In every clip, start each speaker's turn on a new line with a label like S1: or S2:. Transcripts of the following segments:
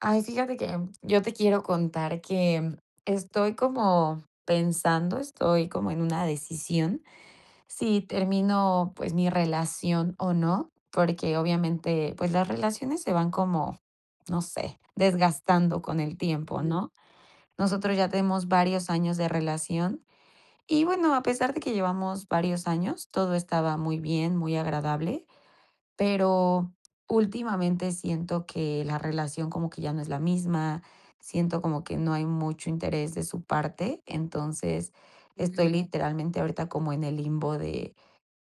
S1: Ay, fíjate que, mm, yo te quiero contar que, mm, estoy como pensando, estoy como en una decisión si termino, pues, mi relación o no, porque, obviamente, pues, las relaciones se van como, no sé, desgastando con el tiempo,
S2: Ujú.
S1: ¿no? Nosotros ya tenemos varios años de relación y, bueno, a pesar de que llevamos varios años, todo estaba muy bien, muy agradable, pero últimamente siento que la relación como que ya no es la misma, siento como que no hay mucho interés de su parte. Entonces, estoy
S2: Ujú.
S1: literalmente ahorita como en el limbo de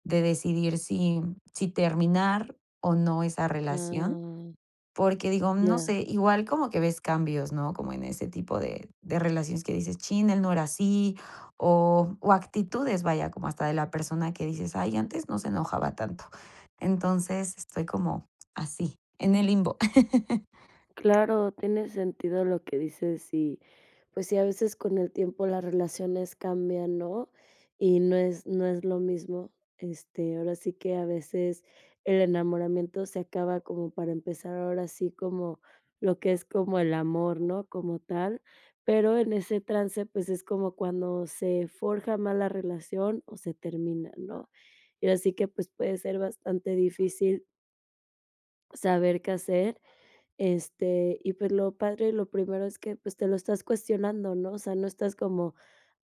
S1: de decidir si si terminar o no esa relación,
S2: Ah.
S1: porque digo, no
S2: Ya.
S1: sé, igual como que ves cambios, ¿no?, como en ese tipo de de relaciones que dices: "Chin, él no era así", o o actitudes, vaya, como hasta de la persona que dices: "Ay, antes no se enojaba tanto". Entonces, estoy como así, en el limbo.
S2: Claro, tiene sentido lo que dices y, pues sí, a veces con el tiempo las relaciones cambian, ¿no?, y no es no es lo mismo, este, ahora sí que a veces el enamoramiento se acaba como para empezar ahora sí como lo que es como el amor, ¿no?, como tal, pero en ese trance, pues, es como cuando se forja más la relación o se termina, ¿no? Y ahora sí que, pues, puede ser bastante difícil saber qué hacer, este, y pues, lo padre y lo primero es que que, pues, te lo estás cuestionando, ¿no?, o sea, no estás como,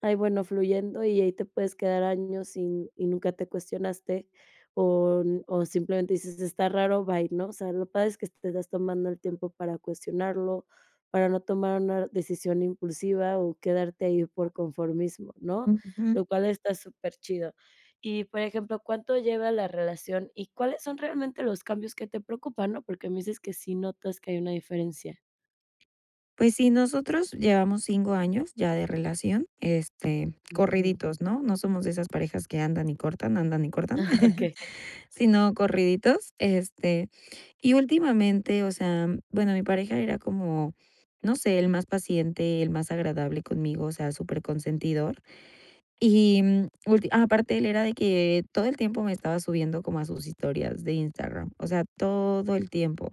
S2: ay bueno, fluyendo y ahí te puedes quedar años sin y nunca te cuestionaste. O n o simplemente dices: "Está raro, bye, ¿no?", o sea, lo padre es que te estás tomando el tiempo para cuestionarlo, para no tomar una decisión impulsiva o quedarte ahí por conformismo, ¿no?,
S1: Ujú.
S2: lo cual está superchido. Y, por ejemplo, ¿cuánto lleva la relación y cuáles son realmente los cambios que te preocupan, no?, porque me dices que sí notas que hay una diferencia.
S1: Pues sí, nosotros llevamos 5 años ya de relación, este,
S2: Ujú.
S1: corriditos, ¿no? No somos de esas parejas que andan y cortan, andan y cortan,
S2: Ah, okey.
S1: sino corriditos. Este, y últimamente, o sea, bueno, mi pareja era como, no sé, él más paciente, él más agradable conmigo, o sea, superconsentidor. Y ulti ah, aparte, él era de que todo el tiempo me estaba subiendo como a sus historias de Instagram, o sea, todo el tiempo.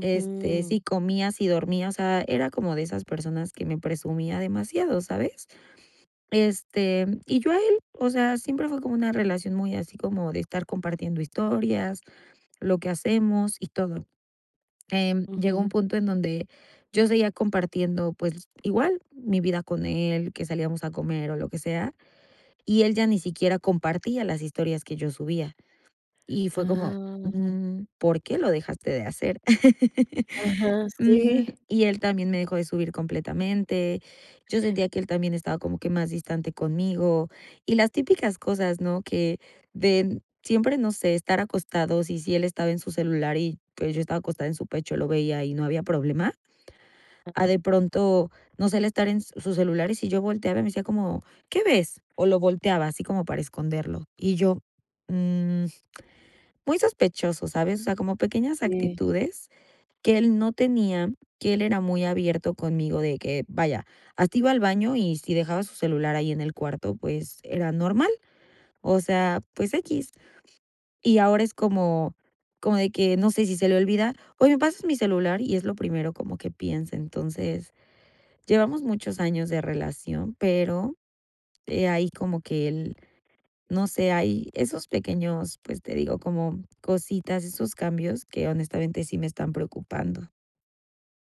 S1: Este, si comía, si dormía, o sea, era como de esas personas que me presumía demasiado, ¿sabes? Este, y yo a él, o sea, siempre fue como una relación muy así como de estar compartiendo historias, lo que hacemos y todo, em, llegó
S2: Ujú.
S1: un punto en donde yo seguía compartiendo, pues igual mi vida con él, que salíamos a comer o lo que sea, y él ya ni siquiera compartía las historias que yo subía y fue como:
S2: Ah.
S1: "Mm, ¿por qué lo dejaste de hacer?".
S2: Ajá,
S1: Ujú,
S2: sí.
S1: y él también me dejó de subir completamente. Yo sentía que él también estaba como que más distante conmigo y las típicas cosas, ¿no? Que de siempre, no sé, estar acostados, y si él estaba en su celular y pues yo estaba acostada en su pecho lo veía y no había problema.
S2: Ah.
S1: A de pronto, no sé, él estar en su celular y si yo volteaba y me decía como: "¿Qué ves?". O lo volteaba así como para esconderlo. Y yo: "Mm, muy sospechoso, ¿sabes?". O sea, como pequeñas
S2: Sí.
S1: actitudes que él no tenía, que él era muy abierto conmigo de que, vaya, hasta iba al baño y si dejaba su celular ahí en el cuarto, pues era normal. O sea, pues equis. Y ahora es como como de que no sé si se le olvida: "Oye, ¿me pasas mi celular?". Y es lo primero como que piense, entonces, llevamos muchos años de relación, pero, eh, ahí como que el, no sé, hay esos pequeños, pues te digo, como cositas, esos cambios que honestamente sí me están preocupando.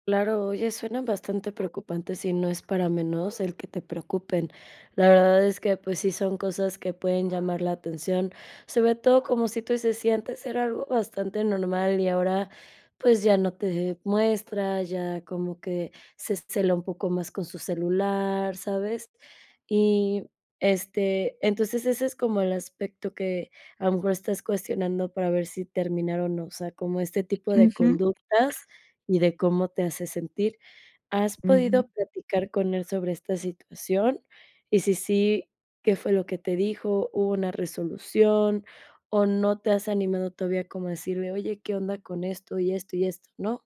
S2: Claro, oye, suena bastante preocupante. Sí, no es para menos el que te preocupen. La verdad es que, pues, sí son cosas que pueden llamar la atención. Sobre todo como, si tú dices, si antes era algo bastante normal y ahora, pues, ya no te muestra, ya como que se cela un poco más con su celular, ¿sabes? Y, este, entonces ese es como el aspecto que, a lo mejor, estás cuestionando para ver si terminar o no, o sea, como este tipo de
S1: Ujú.
S2: conductas y de cómo te hace sentir. ¿Has podido
S1: Ujú.
S2: platicar con él sobre esta situación? Y si sí, ¿qué fue lo que te dijo? ¿Hubo una resolución? ¿O no te has animado todavía como a decirle, "oye, ¿qué onda con esto y esto y esto?", no?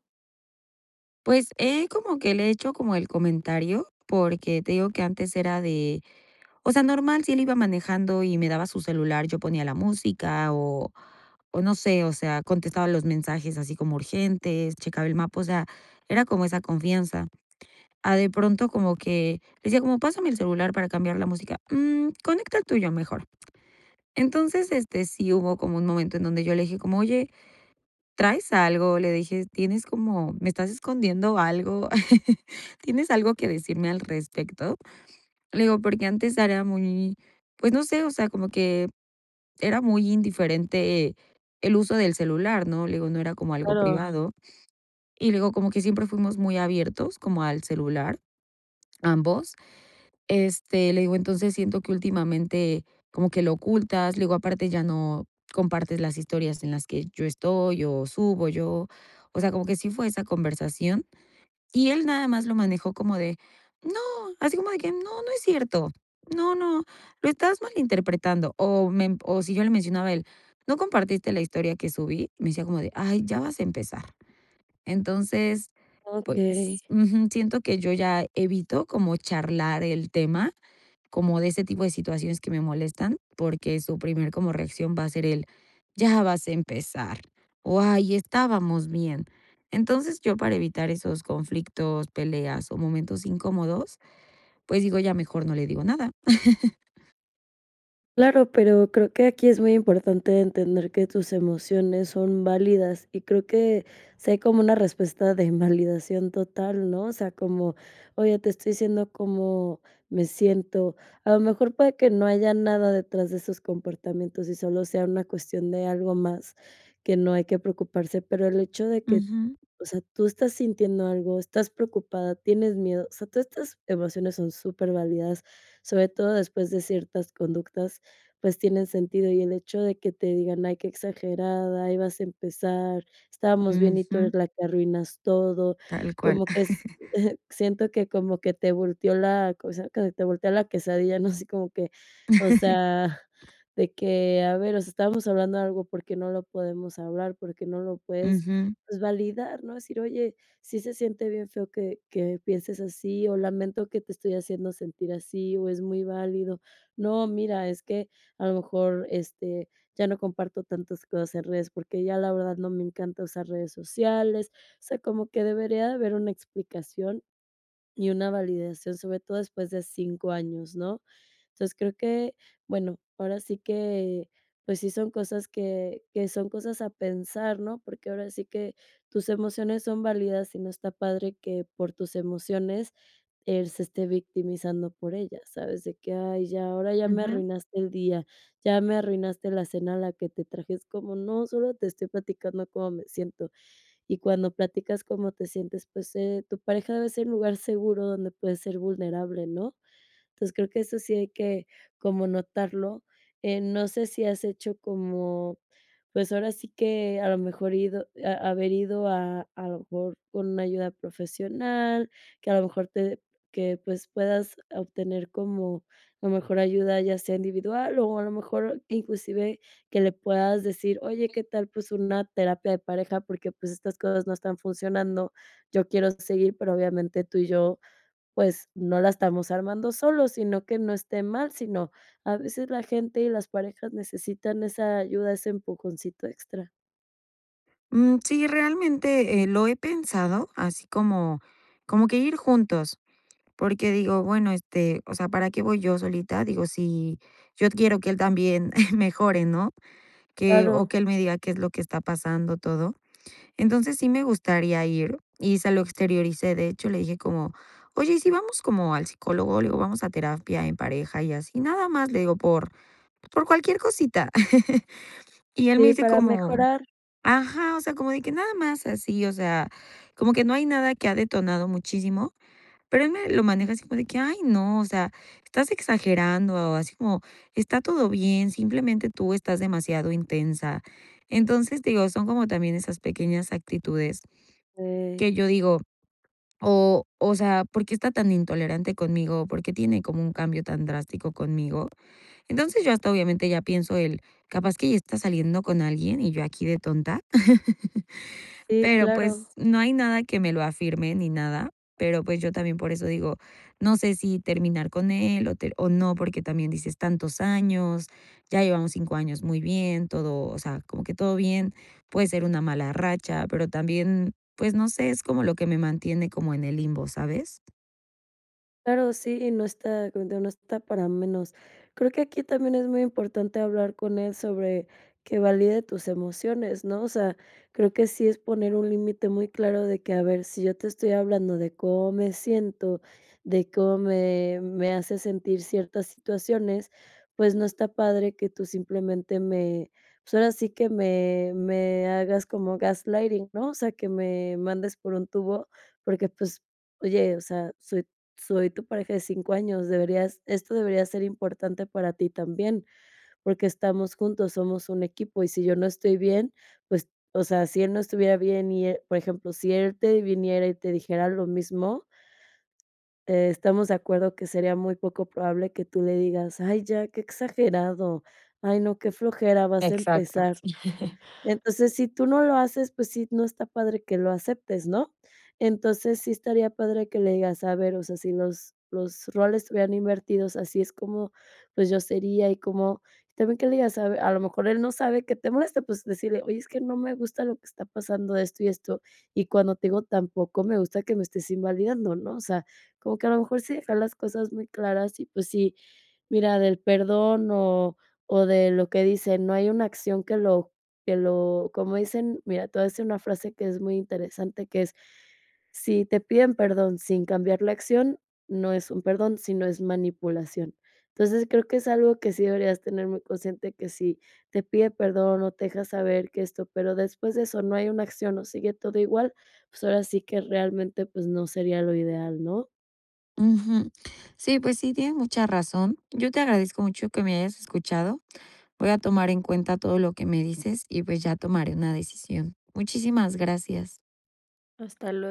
S1: Pues, he como que le he hecho como el comentario porque, te digo que antes era de o sea, normal, si él iba manejando y me daba su celular, yo ponía la música o o no sé, o sea, contestaba los mensajes así como urgentes, checaba el mapa, o sea, era como esa confianza. A de pronto como que decía como pásame el celular para cambiar la música, mm, conecta el tuyo, mejor.
S2: Mm.
S1: Entonces, este, sí hubo como un momento en donde yo le dije como: "Oye, traes algo", le dije: "¿Tienes como? ¿Me estás escondiendo algo?" "¿Tienes algo que decirme al respecto?". Le digo porque antes era muy, pues, no sé, o sea, como que era muy indiferente, el uso del celular, ¿no?, le digo, no era como algo
S2: Claro.
S1: privado. Y luego, como que siempre fuimos muy abiertos como al celular, ambos. Este, le digo: "Entonces, siento que últimamente como que lo ocultas". Le digo: "Aparte, ya no compartes las historias en las que yo estoy o subo yo". O sea, como que sí fue esa conversación y él nada más lo manejó como de no, así como de que no, no es cierto. No, no, lo estás malinterpretando. O me emp O si yo le mencionaba a él: "¿No compartiste la historia que subí?". Me decía como de ay, ya vas a empezar. Entonces,
S2: Okey.
S1: pues ujú, siento que yo ya evito como charlar el tema, como de ese tipo de situaciones que me molestan, porque su primer como reacción va a ser el ya vas a empezar o, ay, estábamos bien. Entonces, yo para evitar esos conflictos, peleas o momentos incómodos, pues, digo: "Ya mejor no le digo nada".
S2: Claro, pero creo que aquí es muy importante entender que tus emociones son válidas, y creo que, si hay como una respuesta de invalidación total, ¿no?, o sea, como: "Oye, te estoy diciendo cómo me siento", a lo mejor para que no haya nada detrás de esos comportamientos y solo sea una cuestión de algo más que no hay que preocuparse, pero el hecho de que,
S1: Ujú.
S2: o sea, tú estás sintiendo algo, estás preocupada, tienes miedo, o sea, todas estas emociones son superválidas, sobre todo después de ciertas conductas, pues, tienen sentido, y el hecho de que te digan: "Ay, qué exagerada, ahí vas a empezar, estábamos bien y tú
S1: Ujú.
S2: eres la que arruinas todo",
S1: Tal cual.
S2: como que es siento que, como que te volteó la, o sea, que te volteó la quesadilla, ¿no?, así como que, o sea, de que, a ver, o sea, estábamos hablando algo, ¿por qué no lo podemos hablar?, ¿por qué no lo puedes,
S1: Ujú.
S2: pues, validar, no?, decir: "Oye, sí se siente bien feo que que pienses así o lamento que te estoy haciendo sentir así o es muy válido no, mira, es que a lo mejor, este, ya no comparto tantas cosas en redes, porque ya la verdad no me encanta usar redes sociales", o sea, como que debería de haber una explicación y una validación, sobre todo después de 5 años, ¿no?, entonces, creo que bueno, ahora sí que, pues sí son cosas que que son cosas a pensar, ¿no?, porque ahora sí que tus emociones son válidas y no está padre que por tus emociones él se esté victimizando por ella, ¿sabes?, de que: "Ay, ya, ahora ya me
S1: Ujú.
S2: arruinaste el día, ya me arruinaste la cena a la que te traje", es como: "No, solo te estoy platicando cómo me siento", y cuando platicas cómo te sientes, pues, eh, tu pareja debe ser un lugar seguro donde puedes ser vulnerable, ¿no? Entonces creo que eso sí hay que como notarlo, eh, no sé si has hecho como, pues, ahora sí que, a lo mejor ido haber ido a a lo mejor con una ayuda profesional, que a lo mejor te que pues, puedas obtener como, a lo mejor, ayuda, ya sea individual o, a lo mejor, inclusive, que le puedas decir: "Oye, ¿qué tal?, pues una terapia de pareja, porque, pues, estas cosas no están funcionando, yo quiero seguir, pero, obviamente, tú y yo, pues, no la estamos armando solos, sino que no esté mal, sino a veces la gente y las parejas necesitan esa ayuda, ese empujoncito extra".
S1: Mm, sí, realmente, eh, lo he pensado, así como como que ir juntos. Porque digo: "Bueno, este, o sea, ¿para qué voy yo solita?", digo, si yo quiero que él también mejore, ¿no?, que o que
S2: Claro.
S1: él me diga qué es lo que está pasando, todo. Entonces, sí me gustaría ir y se lo exterioricé, de hecho, le dije como: "Oye, ¿y si vamos como al psicólogo?", le digo: "Vamos a terapia en pareja y así, nada más, le digo, por por cualquier cosita", y él me
S2: Sí,
S1: dice
S2: para
S1: como:
S2: mejorar.
S1: "Ajá", o sea, como de que nada más así, o sea, como que no hay nada que ha detonado muchísimo, pero él me lo maneja así como de que, "Ay no, o sea, estás exagerando", o así como: "Está todo bien, simplemente tú estás demasiado intensa", entonces, digo, son como también esas pequeñas actitudes,
S2: Okey.
S1: que yo digo, o o sea, "¿Por qué está tan intolerante conmigo o por qué tiene como un cambio tan drástico conmigo?", entonces, yo hasta, obviamente, ya pienso el: "Capaz que ya está saliendo con alguien y yo aquí de tonta",
S2: Sí,
S1: pero, pues,
S2: claro.
S1: no hay nada que me lo afirme ni nada, pero, pues, yo también por eso digo, no sé si terminar con él o o no, porque también dices tantos años, ya llevamos 5 años muy bien, todo, o sea, como que todo bien, puede ser una mala racha, pero también, pues, no sé, es como lo que me mantiene como en el limbo, ¿sabes?
S2: Claro, sí, no está, como te digo, no está para menos. Creo que aquí también es muy importante hablar con él sobre que valide tus emociones, ¿no?, o sea, creo que sí es poner un límite muy claro de que: "A ver, si yo te estoy hablando de cómo me siento, de cómo me me hace sentir ciertas situaciones, pues, no está padre que tú, simplemente, me pues, ahora sí que, me me hagas como gaslighting, ¿no?, o sea, que me mandes por un tubo, porque, pues, oye, o sea, soy soy tu pareja de 5 años, deberías esto debería ser importante para ti también, porque estamos juntos, somos un equipo, y si yo no estoy bien, pues", o sea, si él no estuviera bien y, eh, por ejemplo, si él te viniera y te dijera lo mismo te estamos de acuerdo que sería muy poco probable que tú le digas: "Ay, ya, qué exagerado. Ay, no, qué flojera, vas a
S1: Exacto.
S2: empezar". Entonces, si tú no lo haces, pues, sí, no está padre que lo aceptes, ¿no? Entonces, sí estaría padre que le digas: "A ver, o sea, si los los roles estuvieran invertidos, así es como, pues yo sería y cómo", y también que le digas a ver, a lo mejor, él no sabe que te molesta, pues, decirle: "Oye, es que no me gusta lo que está pasando, esto y esto, y cuando te digo, tampoco me gusta que me estés invalidando", ¿no?, o sea, como que a lo mejor, sí dejar las cosas muy claras y, pues, sí, mira, del perdón o o de lo que dicen, no hay una acción que lo que lo, ¿cómo dicen? mira, te voy a decir una frase que es muy interesante, que es: "Si te piden perdón, sin cambiar la acción, no es un perdón, sino es manipulación". Entonces, creo que es algo que sí deberías tener muy consciente, que si te pide perdón o te deja saber que esto, pero después de eso no hay una acción o sigue todo igual, pues, ahora sí que, realmente, pues, no sería lo ideal, ¿no?
S1: Ujú. Sí, pues, sí, tienes mucha razón. Yo te agradezco mucho que me hayas escuchado. Voy a tomar en cuenta todo lo que me dices y, pues, ya tomaré una decisión. Muchísimas gracias.
S2: Hasta luego.